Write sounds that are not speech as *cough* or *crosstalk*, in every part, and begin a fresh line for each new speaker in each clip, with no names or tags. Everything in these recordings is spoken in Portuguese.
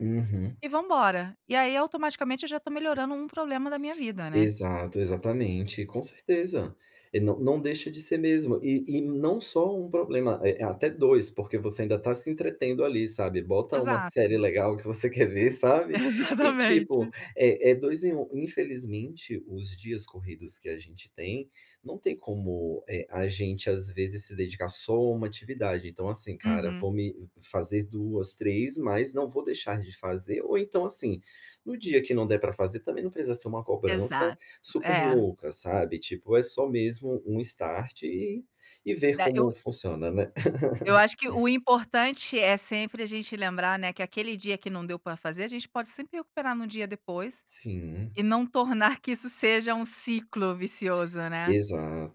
Uhum.
E, vamos embora. E, aí, automaticamente, eu, já, tô melhorando 1 problema da minha vida, né.
Exato. Exatamente. Com certeza. E, não não deixa de ser mesmo. E e não só 1 problema, é é até 2, porque você ainda tá se entretendo ali, sabe. Bota 1 série
Exato.
legal que você quer ver, sabe, e, tipo,
Exatamente.
é é 2 em 1. Infelizmente, os dias corridos que a gente tem, não tem como eh, a gente, às vezes, se dedicar só a 1 atividade, então, assim, cara,
Uhum.
vou me f fazer 2, 3, mas, não vou deixar de fazer ou, então, assim, no dia que não der pra fazer, também, não precisa ser uma cobrança
Exato.
super
É.
louca, sabe, tipo, é só mesmo um start e e ver
Né. Eu
como funciona, né.
eu acho que o
*chuckles*
importante é, sempre, a gente lembrar, né, que aquele dia que não deu pra fazer a gente pode sempre recuperar no dia depois.
Sim.
E não tornar que isso seja um ciclo vicioso, né.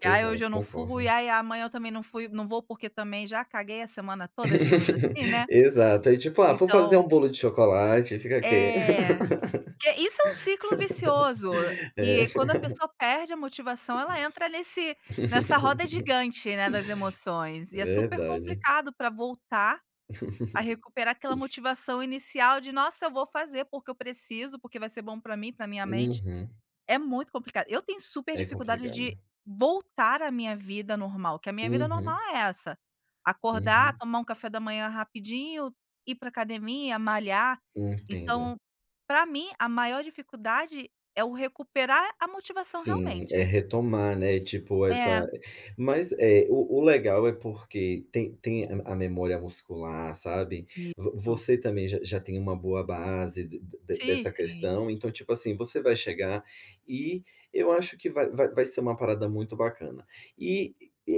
"Que, ai, hoje,
Exato.
eu não fui,
Concordo.
ai, e amanhã eu também não fu não vou porque, também, já, caguei a semana toda", digamos
*chuckles*
assim, né.
Exato. Aí, tipo: "Ah, vou fazer
Então
um bolo de chocolate e, ficar aqui".
É. Que isso é um ciclo vicioso
*chuckles* É.
que quando a pessoa perde a motivação ela, entra nesse nessa roda gigante, né, das
*chuckles*
emoções, e é super
Verdade.
complicado pra voltar a recuperar aquela
*chuckles*
motivação inicial de: "Nossa, eu vou fazer porque eu preciso, porque vai ser bom pra mim e para a minha mente.".
Uhum.
É muito complicado. Eu tenho super
É
dificuldade de
complicado.
voltar à minha vida normal, que a minha vida normal
Uhum.
é essa: acordar,
Uhum.
tomar um café da manhã rapidinho, ir para a academia, malhar.
Hum, entendo.
Então, pra mim, a maior dificuldade, é o recuperar a motivação,
Sim. É
realmente.
retomar, né, tipo,
É.
essa mas, eh, o o legal é porque tem tem a m a memória muscular, sabe. Vo
Isso.
você, também, j já tem uma boa base d d
Sim,
dessa
sim.
questão. Então, tipo, assim, você vai chegar e eu acho que va va vai ser uma parada, muito, bacana. E,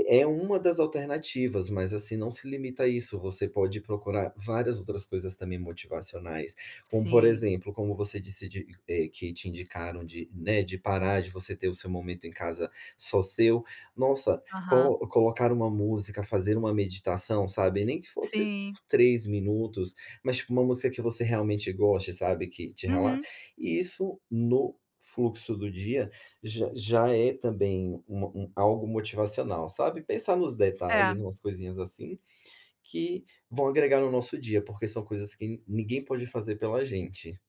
é 1 das alternativas. Mas, assim, não se limita a isso, você pode procurar, várias, outras coisas, também, motivacionais, como, por
Sim.
exemplo, como você disse de eh, que te indicaram de, né, de parar de você ter o seu momento em casa, só seu. Nossa,
Aham.
colo colocar uma música, fazer uma meditação sabe, nem que fosse
Sim.
por 3 minutos, mas tipo uma música que você, realmente, goste, sabe, que te rela
Uhum.
isso no fluxo do dia, j já é, também, uma um algo motivacional, sabe. Pensar nos detalhes,
É.
umas coisinhas, assim, que vão agregar no nosso dia porque são coisas que ninguém pode fazer pela gente.